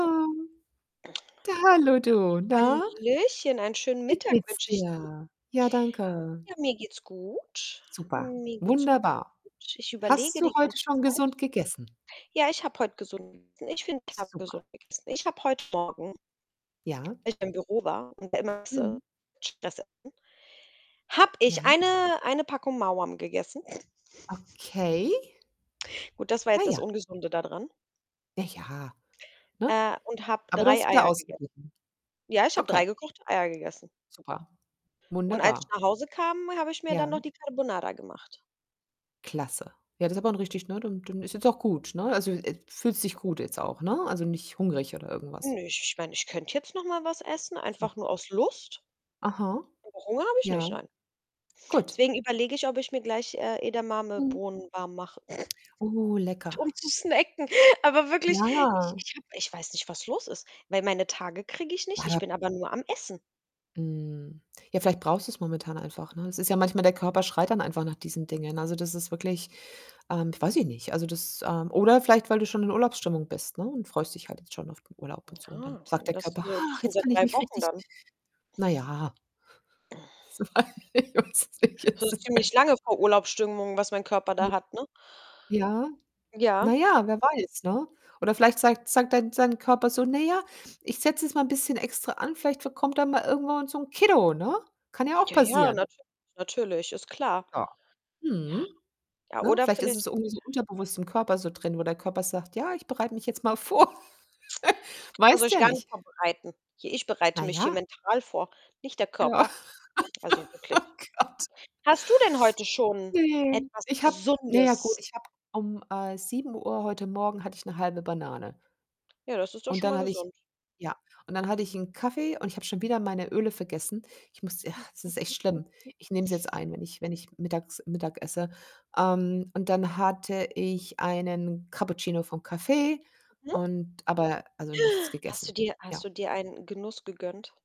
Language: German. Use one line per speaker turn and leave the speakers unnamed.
Ähm, da, hallo du, na?
Hallöchen, einen schönen
Wie
Mittag
geht's
wünsche ich dir.
dir? Ja, danke.
Ja, mir geht's gut.
Super,
Mir geht's gut.
wunderbar.
Ich
Hast
überlege
du
die
heute
ganze
schon
Zeit.
gesund gegessen?
Ja, ich habe heute gesund gegessen. Ich finde, ich habe
Super.
gesund gegessen. Ich habe heut Morgen
Ja.
als ich im Büro war und
Mhm.
[unintelligible] habe
Ja.
ich eine eine Packung Maoam gegessen.
Okay.
Gut, das war
Na
jetzt das
ja.
Ungesunde da dran.
Ja, ja, ne?
Äh, und habe
Aber du
3
hast wieder
Eier gegessen.
ausgeglichen.
Ja, ich habe
Okay.
3 gekochte Eier gegessen.
Super.
Und als ich
Wunderbar.
nach Hause kam, habe ich mir dann noch
Ja.
die Carbonara gemacht.
Klasse. Ja, das ist aber 'n richtig ne, dann dann ist jetzt auch gut, ne? Also, äh, fühlst dich gut jetzt auch, ne? Also nicht hungrig oder irgendwas.
Nö, ich ich meine, ich könnt jetzt noch mal was essen,
So
einfach nur aus Lust.
Aha?
Aber Hunger habe ich nicht,
Ja.
nein.
Gut.
Deswegen überlege ich, ob ich mir gleich, äh,
Mhm.
Edamame-Bohnen warm mache,
Oh, lecker.
um zu snacken. Aber wirklich, ich
Ja.
ich habe ich weiß nicht, was los ist, weil meine Tage kriege ich nicht,
Ja,
ich
da
bin aber nur am Essen.
Mhm. Ja, vielleicht brauchst du's momentan einfach, ne? Es ist ja manchmal der Körper schreit dann einfach nach diesen Dingen. Also, das ist wirklich ähm, weiß ich nicht, also, das, ähm oder vielleicht, weil du schon in Urlaubsstimmung bist, ne, und freust dich halt jetzt schon auf den Urlaub
Hm,
und so und dann
ja,
sagt
aber
der
das ist
Körper:
ja jetzt
„Ach,
schon
jetzt
seit
kann ich
3
mich
Wochen
richtig“
dann.
Na ja.
So
[unintelligible]
ziemlich lange vor Urlaubsstimmung, was mein Körper
Hm.
da hat, ne?
Ja,
Ja.
na ja, wer weiß, ne? Oder vielleicht sagt sagt dein sein Körper so: „Ne, ja, ich setze jetzt mal 'n bisschen extra an, vielleicht ver kommt dann mal irgendwann so 'n Kiddo,“ ne? Kann ja auch
Ja, ja,
passieren.
natürlich, natürlich ist klar.
Ja.
Ja,
Mhm,
ja,
ne?
oder
Vielleicht ist
vielleicht
es irgendwie so unterbewusst im Körper so drin, wo der Körper sagt: „Ja, ich bereite mich jetzt mal vor.“
Der Körper soll
Weißt du
sich
ja
gar nicht
nicht.
vorbereiten. Hier ich bereite
Na
mich hier
ja.
mental vor, nicht der
Ja.
Körper. Also, wirklich.
Oh Gott.
Hast du denn heute schon
Ne.
etwas
Ich habe na ja, gut,
Gesundes
ich habe um, äh, 7:00 heute Morgen hatte ich 'ne 0,5 Banane.
Ja, das ist doch
Und
schon
dann
mal
hatte ich
gesund.
ja, und dann hatte ich 'n Kaffee und ich habe schon wieder meine Öle vergessen. Ich musste ja, es ist echt schlimm. Ich nehme sie jetzt ein, wenn ich wenn ich mittags Mittag esse, ähm, und dann hatte ich einen Cappuccino vom Café
Mhm.
und aber also, nichts
Hast du
gegessen,
dir hast
ja.
du dir einen Genuss gegönnt?